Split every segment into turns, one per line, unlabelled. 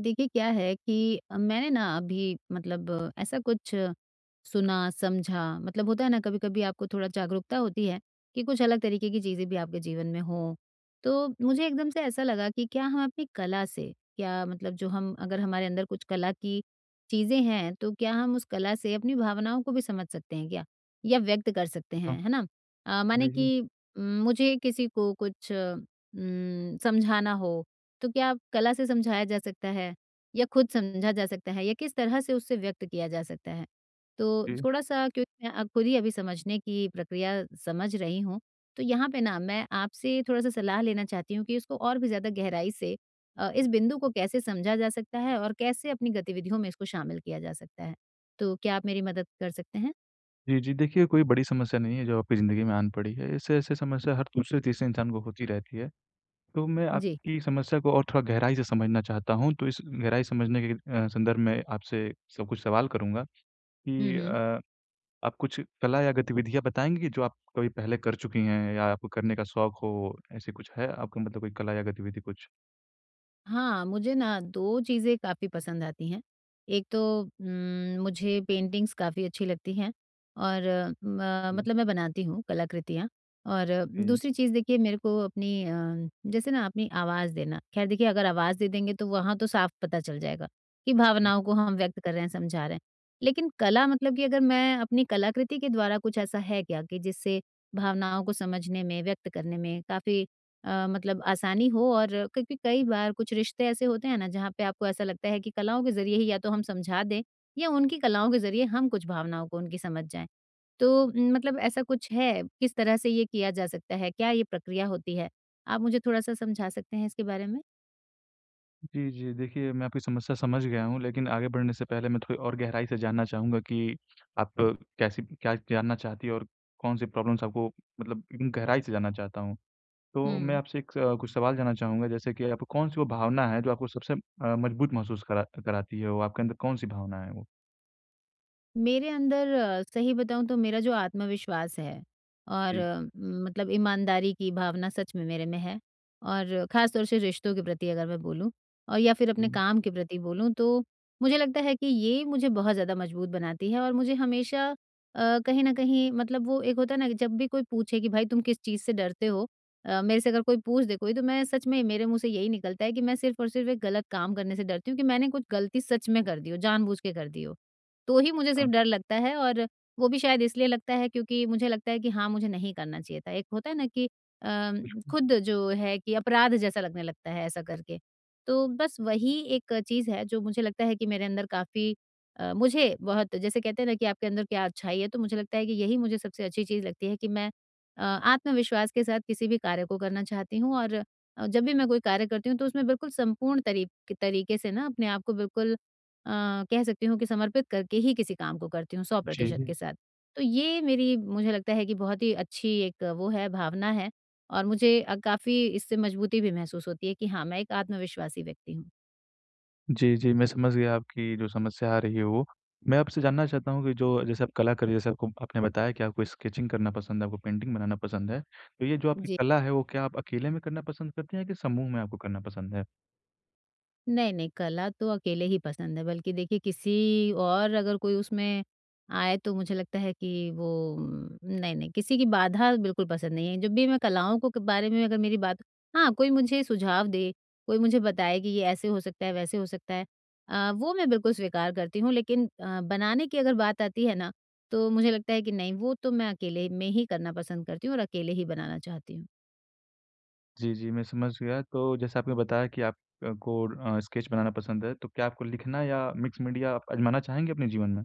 देखिए, क्या है कि अ, मैंने ना अभी मतलब ऐसा कुछ सुना, समझा, मतलब होता है ना, कभी-कभी आपको थोड़ा जागरूकता होती है कि, कुछ अलग तरीके की चीज़ें भी आपके जीवन में हों। तो मुझे एकदम से ऐसा लगा कि क्या हम अपनी कला से क्या मतलब जो हम अगर हमारे अंदर कुछ कला की चीज़ें हैं, तो क्या हम उस कला से अपनी भावनाओं को भी समझ सकते हैं क्या? या व्यक्त कर सकते
हाँ।
हैं, है ना? अ, माने
जी, जी।
कि उम, मुझे किसी को कुछ उम, समझाना हो तो क्या कला से समझाया जा सकता है या खुद समझा जा सकता है या किस तरह से उससे व्यक्त किया जा सकता है। तो
जी।
थोड़ा-सा क्योंकि अ, खुद ही अभी समझने की प्रक्रिया समझ रही हूँ। तो यहाँ पे ना मैं आपसे थोड़ा-सा सलाह लेना चाहती हूँ कि इसको और भी ज़्यादा गहराई से अ, इस बिंदु को कैसे समझा जा सकता है, और कैसे अपनी गतिविधियों में इसको शामिल किया जा सकता है। तो क्या आप मेरी मदद कर सकते हैं?
जी, जी, देखिए कोई बड़ी समस्या नहीं है जो आपकी ज़िंदगी में आन पड़ी है, ऐसे-ऐसे समस्या हर दूसरे-तीसरे इंसान को होती रहती है। तो मैं
जी।
आपकी समस्या को और थोड़ा गहराई से समझना चाहता हूँ, तो इस गहराई समझने के अ, संदर्भ में आपसे स कुछ सवाल करूँगा
हुँ,
कि
हुँ।
अ, आप कुछ कला या गतिविधियाँ बताएँगे कि जो आप कभी पहले कर चुकी हैं या आपको करने का शौक हो, ऐसे कुछ है आपको मतलब कोई कला या गतिविधि कुछ?
हाँ, मुझे ना 2 चीज़ें काफ़ी पसंद आती हैं। एक तो, उम्म, मुझे पेंटिंगस काफ़ी अच्छी लगती हैं और उम अ,
जी।
मतलब मैं बनाती हूँ कलाकृतियाँ। और
उम
दूसरी चीज़ देखिए मेरे को अपनी अम, जैसे ना अपनी आवाज़ देना। खैर देखिए अगर आवाज दे देंगे तो वहाँ तो साफ पता चल जाएगा कि
उ
भावनाओं को हम व्यक्त कर रहे हैं, समझा रहे हैं। लेकिन कला मतलब कि अगर मैं अपनी कलाकृति के द्वारा कुछ ऐसा है क्या कि जिससे भावनाओं को समझने में, व्यक्त करने में काफ़ी, अ, मतलब आसानी हो और क्योंकि कई बार कुछ रिश्ते ऐसे होते हैं ना जहाँ पे आपको ऐसा लगता है कि कलाओं के ज़रिए ही या तो हम समझा दें या उनकी कलाओं के ज़रिए हम कुछ भावनाओं को उनकी समझ जाएँ, तो उम, मतलब ऐसा कुछ है, किस तरह से ये किया जा सकता है? क्या ये प्रक्रिया होती है? आप मुझे थोड़ा सा समझा सकते हैं इसके बारे में?
जी, जी देखिए मैं आपकी समस्या समझ गया हूँ। लेकिन आगे बढ़ने से पहले मैं थोड़ी और गहराई से जानना चाहूँगा कि आप कैसी क्या जानना चाहती है और कौन से प्रॉब्लेम्स आपको मतलब एकदम गहराई से जानना चाहता हूँ। तो मैं
हुँ।
आपसे एक स कुछ सवाल जानना चाहूँगा जैसे कि आपको कौन सी वो भावना है जो आपको सबसे अ, मजबूत महसूस करा कराती है, वो आपके अंदर कौन सी भावना है वो?
मेरे अंदर अ, सही बताऊँ तो मेरा जो आत्मविश्वास है, और
जी।
उम, मतलब ईमानदारी की भावना सच में मेरे में है, और खास तौर से रिश्तों के प्रति अगर मैं बोलूँ और या फिर अपने
हुँ।
काम के प्रति बोलूँ तो मुझे लगता है कि ये मुझे बहुत ज़्यादा मजबूत बनाती है, और मुझे हमेशा, अ, कहीं न कहीं मतलब वो एक होता है ना, कि जब भी कोई पूछे कि भाई तुम किस चीज़ से डरते हो? अ, मेरे से अगर कोई पूछ दे कोई, तो मैं सच में मेरे मुँह से यही निकलता है कि मैं सिर्फ़ और सिर्फ़ एक गलत काम करने से डरती हूँ कि मैंने कुछ गलती सच में कर दी हो, जानबूझकर कर दी हो। तो ही मुझे सिर्फ़
हाँ।
डर लगता है और वो भी शायद इसलिए लगता है क्योंकि मुझे लगता है कि हाँ, मुझे नहीं करना चाहिए था, एक होता है ना कि, अम,
बिल्कु
खुद जो है कि अपराध जैसा लगने लगता है ऐसा करके। तो बस वही एक चीज़ है जो मुझे लगता है कि मेरे अंदर काफ़ी, अ, मुझे बहुत जैसे कहते हैं ना, कि आपके अंदर क्या अच्छाई है? तो मुझे लगता है कि यही मुझे सबसे अच्छी चीज़ लगती है कि मैं अ, आत्मविश्वास के साथ किसी भी कार्य को करना चाहती हूँ, और जब भी मैं कोई कार्य करती हूँ तो उसमें बिल्कुल संपूर्ण तरी तरीके से ना अपने आप को बिल्कुल, अ, कह सकती हूँ कि समर्पित करके ही किसी काम को करती हूँ, सौ
जी,
प्रतिशत
जी।
के साथ। तो ये मेरी, मुझे लगता है कि बहुत ही अच्छी एक वो है, भावना है और मुझे काफ़ी इससे मजबूती भी महसूस होती है कि हाँ, मैं एक आत्मविश्वासी व्यक्ति हूँ।
जी, जी, मैं समझ गया आपकी जो समस्या आ रही है वो। मैं आपसे जानना चाहता हूँ कि जो जैसे आप कला कर रही हैं, जैसे आपको आपने बताया कि आपको स्केचिंग करना पसंद है, आपको पेंटिंग बनाना पसंद है। तो ये जो आपकी
जी।
कला है, वो क्या आप अकेले में करना पसंद करती हैं या समूह में आपको करना पसंद है?
नहीं-नहीं कला तो अकेले ही पसंद है। बल्कि देखिए किसी और अगर कोई उसमें आए, तो मुझे लगता है कि वो नहीं-नहीं किसी की बाधा बिल्कुल पसंद नहीं है। जब भी मैं कलाओं को क बारे में अगर मेरी बात हाँ, कोई मुझे सुझाव दे, कोई मुझे बताए कि ये ऐसे हो सकता है, वैसे हो सकता है, अ, वो मैं बिल्कुल स्वीकार करती हूँ। लेकिन, अ, बनाने की अगर बात आती है ना, तो मुझे लगता है कि नहीं वो तो मैं अकेले में ही करना पसंद करती हूँ और अकेले ही बनाना चाहती हूँ।
जी, जी मैं समझ गया। तो जैसे आपने बताया कि आप अ, को अ, स्केच बनाना पसंद है तो क्या आपको लिखना या मिक्स मीडिया आज़माना चाहेंगे अपने जीवन में?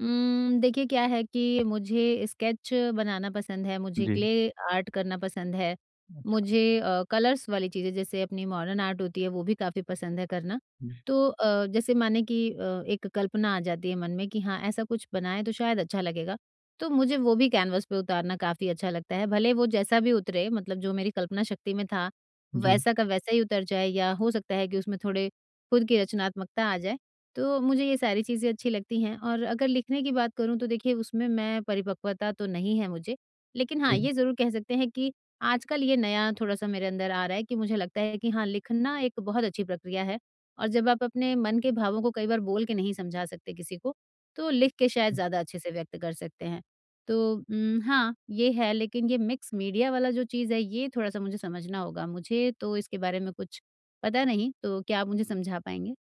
उम, देखिए क्या है कि मुझे स्केच बनाना पसंद है, मुझे
जी।
क्ले आर्ट करना पसंद है।
अच्छा।
मुझे, अ, कलर्स वाली चीज़ें जैसे अपनी मोर्डर्न आर्ट होती है वो भी काफ़ी पसंद है करना।
जी।
तो, अ, जैसे माने कि, अ, एक कल्पना आ जाती है मन में कि हाँ ऐसा कुछ बनाएँ, तो शायद अच्छा लगेगा। तो मुझे वो भी कैन्वस पे उतारना काफ़ी अच्छा लगता है। भले वो जैसा भी उतरे मतलब जो मेरी कल्पना शक्ति में था,
जी।
वैसा का वैसा ही उतर जाए या हो सकता है कि उसमें थोड़े खुद की रचनात्मकता आ जाए। तो मुझे ये सारी चीज़ें अच्छी लगती हैं और अगर लिखने की बात करूँ, तो देखिए उसमें मैं परिपक्वता तो नहीं है मुझे। लेकिन हाँ,
जी।
ये ज़रूर कह सकते हैं कि आजकल ये नया थोड़ा-सा मेरे अंदर आ रहा है कि मुझे लगता है कि हाँ, लिखना एक बहुत अच्छी प्रक्रिया है और जब आप अपने मन के भावों को कई बार बोल के नहीं समझा सकते किसी को तो लिख के शायद
हुँ।
ज़्यादा अच्छे से व्यक्त कर सकते हैं। तो उम, हाँ ये है लेकिन ये मिक्स मीडिया वाला जो चीज़ है ये थोड़ा-सा मुझे समझना होगा। मुझे तो इसके बारे में कुछ पता नहीं तो क्या आप मुझे समझा पाएँगे?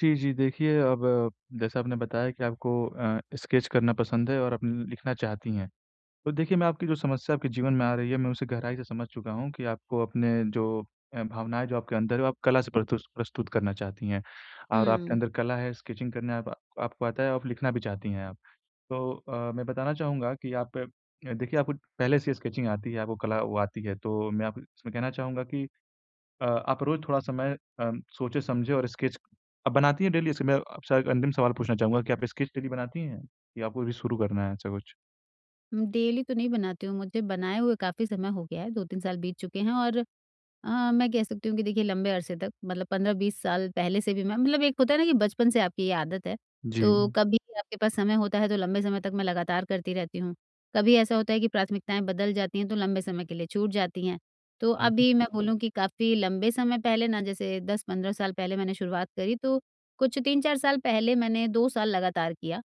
जी, जी, देखिए अब जैसा आपने बताया कि आपको अ, स्केच करना पसंद है और आप न लिखना चाहती हैं। तो देखिए मैं आपकी जो समस्या आपके जीवन में आ रही है, मैं उसे गहराई से समझ चुका हूँ कि आपको अपने जो अ, भावनाएँ जो आपके अंदर हैं, वो आप कला से परतूस प्रस्तुत करना चाहती हैं और आपके
हुँ।
अंदर कला है, स्केचिंग करने अप आपको आता है, आप लिखना भी चाहती हैं आप। तो अ, मैं बताना चाहूँगा कि आप देखिए आपको पहले से ही स्केचिंग आती है, आपको कला वो आती है, तो मैं आप इसमें कहना चाहूँगा कि अ, आप रोज़ थोड़ा समय अ, सोचें-समझें और स्केच, आप बनाती हैं डेली इससे मैं अ, आपसे अंतिम सवाल पूछना चाहूँगा कि आप स्केच डेली बनाती हैं या आपको अभी शुरू करना है ऐसा कुछ?
उम, डेली तो नहीं बनाती हूँ, मुझे बनाए हुए काफ़ी समय हो गया है। 2-3 साल बीत चुके हैं और अ, मैं कह सकती हूँ कि देखिए लंबे अरसे तक मतलब 15-20 साल पहले से भी मैं मतलब एक होता है ना कि बचपन से आपकी ये आदत है। तो
जी।
कभी आपके पास समय होता है तो लंबे समय तक मैं लगातार करती रहती हूँ। कभी ऐसा होता है कि प्राथमिकताएँ बदल जाती हैं तो लंबे समय के लिए छूट जाती हैं। तो
जी, जी।
अभी मैं बोलूँ कि काफ़ी लंबे समय पहले ना जैसे 10-15 साल पहले मैंने शुरुआत करी तो कुछ 3-4 साल पहले मैंने 2 साल लगातार किया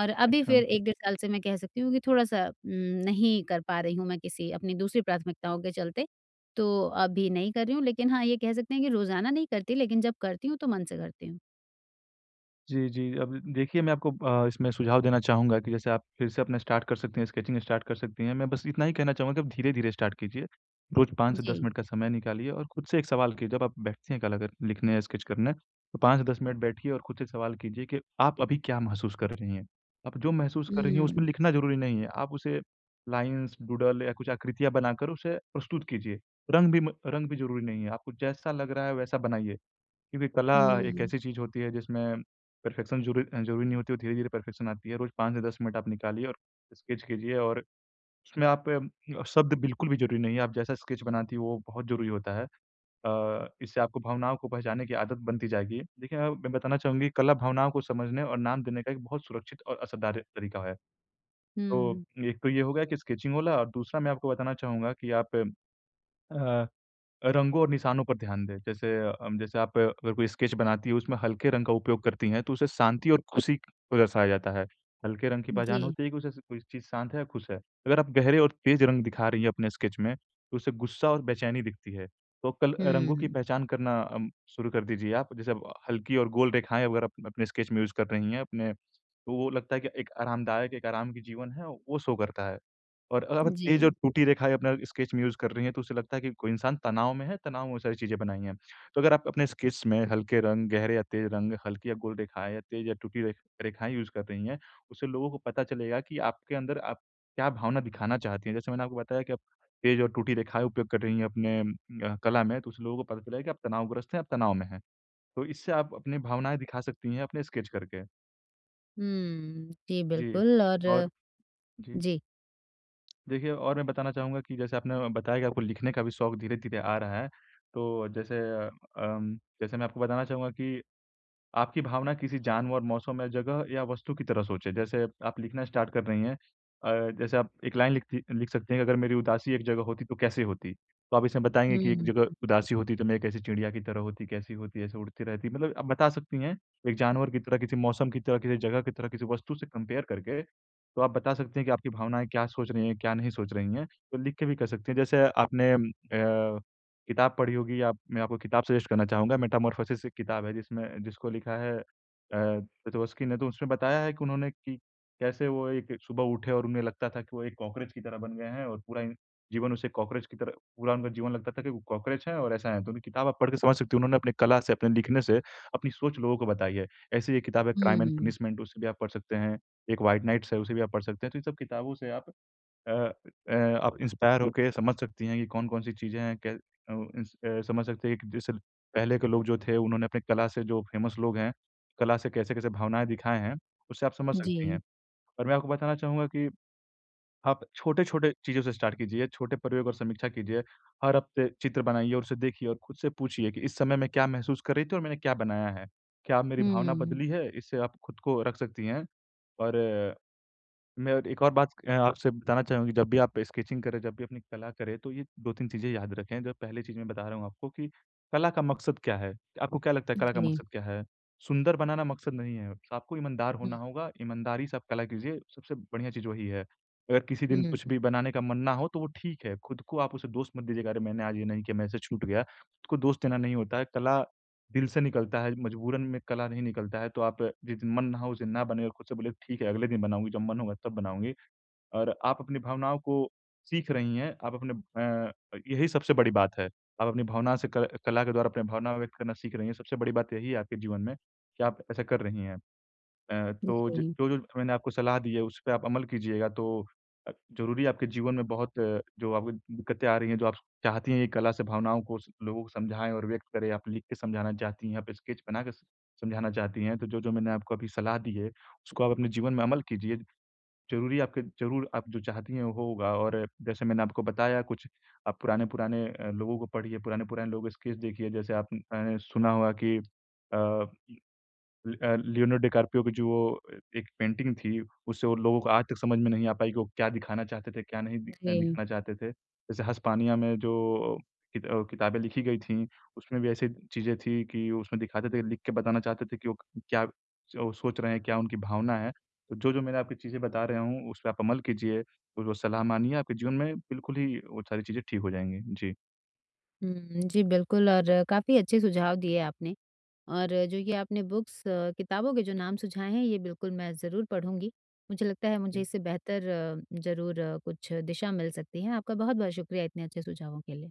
और अभी
अच्छा।
फिर 1 डेढ़ साल से मैं कह सकती हूँ कि थोड़ा-सा उम, नहीं कर पा रही हूँ मैं किसी अपनी दूसरी प्राथमिकताओं के चलते तो अभी नहीं कर रही हूँ, लेकिन हाँ, ये कह सकते हैं कि रोज़ाना नहीं करती लेकिन जब करती हूँ तो मन से करती हूँ।
जी, जी अब द देखिए मैं आपको अ, इसमें सुझाव देना चाहूँगा कि जैसे आप फिर से अपना स्टार्ट कर सकती हैं, स्केचिंग स्टार्ट कर सकती हैं। मैं बस इतना ही कहना चाहूँगा कि आप धीरे-धीरे स्टार्ट कीजिए। रोज़ 5 से 10
जी।
मिनट का समय निकालिए और खुद से एक सवाल की जब आप बैठते हैं कल अगर लिखने, स्केच करने अ, 5-10 मिनट बैठिए और खुद से सवाल कीजिए के आप अभी क्या महसूस कर रही हैं। आप जो महसूस कर रही हैं, उसमें
हुँ।
लिखना ज़रूरी नहीं है, आप उसे लाइन्स, डूडल या कुछ आकृतियाँ बनाकर उसे प्रस्तुत कीजिए, रंग भी म रंग भी ज़रूरी नहीं है। आपको जैसा लग रहा है वैसा बनाइए, क्योंकि कला एक
हुँ।
ऐसी चीज़ होती है जिसमें परफेक्शन ज़रू अ, ज़रूरी नहीं होती, वो धीरे-धीरे परफेक्शन आती है। रोज़ 5 से 10 मिनट आप निकालिए और स्केच कीजिए और उसमें आप म अ, शब्द बिल्कुल भी ज़रूरी नहीं है, आप जैसा स्केच बनाती वो बहुत ज़रूरी होता है। अ, इससे आपको भावनाओं को पहचानने की आदत बनती जाएगी। देखिए मैं मैं बताना चाहूँगी कला भावनाओं को समझने और नाम देने का एक बहुत सुरक्षित और असरदार तरीका है। तो
हुँ।
एक तो ये हो गया कि स्केचिंग वाला, दूसरा मैं आपको बताना चाहूँगा कि आप अ, रंगों और निशानों पर ध्यान दें। जैसे अम जैसे आप अगर कोई स्केच बनाती हो, उसमें हल्के रंग का उपयोग करती हैं तो उसे शांति और खुशी को दर्शाया जाता है, हल्के रंग की पहचान
जी।
होती है कि उसे कोई चीज़ शांत है या खुश है। अगर आप गहरे और तेज़ रंग दिखा रही हैं अपने स्केच में, तो उसे गुस्सा और बेचैनी दिखती है, तो कल अ, रंगों की
हुँ।
पहचान करना अम शुरू कर दीजिए आप। जैसे अब हल्की और गोल रेखाएँ अगर आप अपने स्केच में यूज़ कर रही हैं अपने तो वो लगता है कि एक आरामदायक, एक आराम की जीवन है, वो शो करता है। और अगर आप तेज और
जी।
टूटी रेखाएँ अपना स्केच में यूज़ कर रही हैं तो उसे लगता है कि कोई इंसान तनाव में है, तनाव में वो सारी चीज़ें बनाई हैं। तो अगर आप अपने स्केच में हल्के रंग, गहरे या तेज रंग, हल्की या गोल रेखाएँ या तेज या टूटी रेख रेखाएँ यूज़ कर रही हैं, उससे लोगों को पता चलेगा कि आपके अंदर आप क्या भावना दिखाना चाहती हैं। जैसे मैंने आपको बताया कि आप तेज और टूटी रेखाएँ उपयोग कर रही हैं अपने उम, अ, कला में तो उस लोगों को पता चले कि आप तनावग्रस्त हैं, आप तनाव में हैं। तो इससे आप अपनी भावनाएँ दिखा सकती हैं अपने स्केच करके।
हम्म, जी
जी,
बिल्कुल और
और जी।
जी।
देखिए और मैं बताना चाहूँगा कि जैसे आपने बताया कि आपको लिखने का भी शौक धीरे-धीरे आ रहा है तो जैसे अम अम, जैसे मैं आपको बताना चाहूँगा कि आपकी भावना किसी जानवर, मौसम या जगह या वस्तु की तरह सोचें। जैसे आप लिखना स्टार्ट कर रही हैं। अ, जैसे आप एक लाइन लिखती अ, लिख सकती हैं कि अगर मेरी उदासी एक जगह होती तो कैसी होती? तो आप इसमें बताएँगे
हुँ,
कि एक
हुँ,
जगह
हुँ।
उदासी होती तो मैं कैसी चिड़िया की तरह होती, कैसी होती? ऐसे उड़ती रहती। मतलब आप बता सकती हैं एक जानवर की तरह, किसी मौसम की तरह, किसी जगह की तरह, किसी वस्तु से कंपेयर करके। तो आप बता सकती हैं कि आपकी भावनाएँ क्या सोच रही हैं, क्या नहीं सोच रही हैं। तो लिख के भी कर सकती हैं। जैसे आपने अम अ, किताब पढ़ी होगी या मैं आपको किताब सजेस्ट करना चाहूँगा। मेटामॉर्फोसिस एक किताब है जिसमें जिसको लिखा है अ, पेटवोस्की ने। तो उसमें बताया है कि उन्होंने कि कैसे वो एक सुबह उठे और उन्हें लगता था कि वो एक कॉकरोच की तरह बन गए हैं और पूरा इन जीवन उसे कॉकरोच की तरह पूरा उनका जीवन लगता था कि वो कॉकरोच हैं और ऐसा है। तो वो किताब आप पढ़ के समझ सकती हैं उन्होंने अपनी कला से, अपने लिखने से अपनी सोच लोगों को बताई है। ऐसे ही एक किताब है क्राइम एंड
हुँ।
पनिशमेंट, उसे भी आप पढ़ सकते हैं। एक व्हाइट नाइट्स है, उसे भी आप पढ़ सकते हैं। तो इन सब किताबों से आप अ अ, आप इंस्पायर हो के समझ सकती हैं कि कौन-कौन सी चीज़ें हैं। कै अ उस अ, समझ सकते हैं एक जैसे ल पहले के लोग जो थे, उन्होंने अपनी कला से जो फेमस लोग हैं, कला से कैसे-कैसे भावनाएँ दिखाए हैं, उससे आप समझ सकती हैं।
जी।
और मैं आपको बताना चाहूँगा कि आप छोटे-छोटे चीज़ों से स्टार्ट कीजिए, छोटे प्रयोग और समीक्षा कीजिए। हर हफ्ते चित्र बनाइए और उसे देखिए और खुद से पूछिए कि इस समय मैं क्या महसूस कर रही थी और मैंने क्या बनाया है। क्या अब मेरी भावना
हुँ।
बदली है? इससे आप खुद को रख सकती हैं और मैं और एक और बात अ, आपसे बताना चाहूँ कि जब भी आप स्केचिंग करें, जब भी अपनी कला करें तो ये 2-3 चीज़ें याद रखें, जो पहले चीज़ मैं बता रहा हूँ आपको कि कला का मकसद क्या है? आपको क्या लगता है
अ,
कला का
जी।
मकसद क्या है? सुंदर बनाना मकसद नहीं है, आपको ईमानदार
हुँ।
होना होगा, ईमानदारी से आप कला कीजिए सबसे बढ़िया चीज़ वही है। अगर किसी दिन कुछ
हुँ।
भी बनाने का मन ना हो तो वो ठीक है, खुद को आप उसे दोष मत दीजिए कि अरे मैंने आज ये नहीं किया, मेरे से ये छूट गया। खुद को दोष देना नहीं होता है, कला दिल से निकलता है, मजबूरन में कला नहीं निकलता है। तो आप जिस दिन मन ना हो, उस दिन ना बनाएँ और खुद से बोलिए ठीक है अगले दिन बनाऊँगी, जब मन होगा तब बनाऊँगी और आप अपनी भावनाओं को सीख रही हैं। आप अपने अ अ, यही सबसे बड़ी बात है। आप अपनी भावना से क कला के द्वारा अपनी भावना व्यक्त करना सीख रही हैं, सबसे बड़ी बात यही है आपके जीवन में कि आप ऐसा कर रही हैं। अ, तो ज
जी।
जो-जो मैंने आपको सलाह दी है, उस पे आप अमल कीजिएगा तो अ, ज़रूरी आपके जीवन में बहुत जो आपको दिक्कतें आ रही हैं, जो आप चाहती हैं कि कला से भावनाओं को स लोगों को समझाएँ और व्यक्त करें। आप लिख के समझाना चाहती हैं, आप स्केच बनाके समझाना चाहती हैं तो जो-जो मैंने आपको अभी सलाह दी है, उसको आप अपने जीवन में अमल कीजिए। ज़रूरी आपके ज़रूर आप जो चाहती हैं वो होगा और जैसे मैंने आपको बताया कुछ आप पुराने-पुराने अ, लोगों को पढ़िए। पुराने-पुराने लोगों के स्केच देखिए। जैसे आपने अ, सुना होगा कि अ, ल अ, लियोनो डिकार्पियो भी जो अ, एक पेंटिंग थी, उससे वो लोगों को आज तक समझ में नहीं आ पाई कि वो क्या दिखाना चाहते थे, क्या नहीं दि अ,
जी।
दिखाना चाहते थे। जैसे ह स्पानिया में जो कित अ, किताबें लिखी गई थीं, उसमें भी ऐसी चीज़ें थी कि उसमें दिखाते थे, लिख के बताना चाहते थे कि वो क क्या च अ, सोच रहे हैं, क्या उनकी भावना है। तो जो-जो मैंने आपको चीज़ें बता रहा हूँ, उस पे आप अमल कीजिए और जो सलाह माननी है, आपके जीवन में बिल्कुल ही वो सारी चीज़ें ठीक हो जाएँगी। जी।
हुँ, जी बिल्कुल और काफ़ी अच्छे सुझाव दिए आपने और जो ये आपने बुक्स किताबों के जो नाम सुझाए हैं, ये बिल्कुल मैं ज़रूर पढ़ूँगी। मुझे लगता है मुझे
इ
इससे बेहतर ज़रूर कुछ दिशा मिल सकती है। आपका बहुत-बहुत शुक्रिया इतने अच्छे सुझावों के लिए।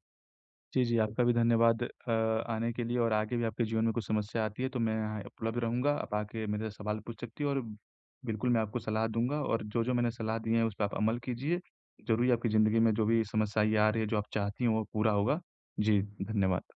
जी, जी। आपका भी धन्यवाद अ, आने के लिए और आगे भी आपके जीवन में कुछ समस्या आती है तो मैं यहाँ उपलब्ध रहूँगा। आप आके मेरे से सवाल पूछ सकती हो और बिल्कुल मैं आपको सलाह दूँगा और जो-जो मैंने सलाह दी हैं, उस पर आप अमल कीजिए, ज़रूर आपकी जिंदगी में जो भी समस्याएँ आ रही हैं, जो आप चाहती हैं वो पूरा होगा। जी, धन्यवाद।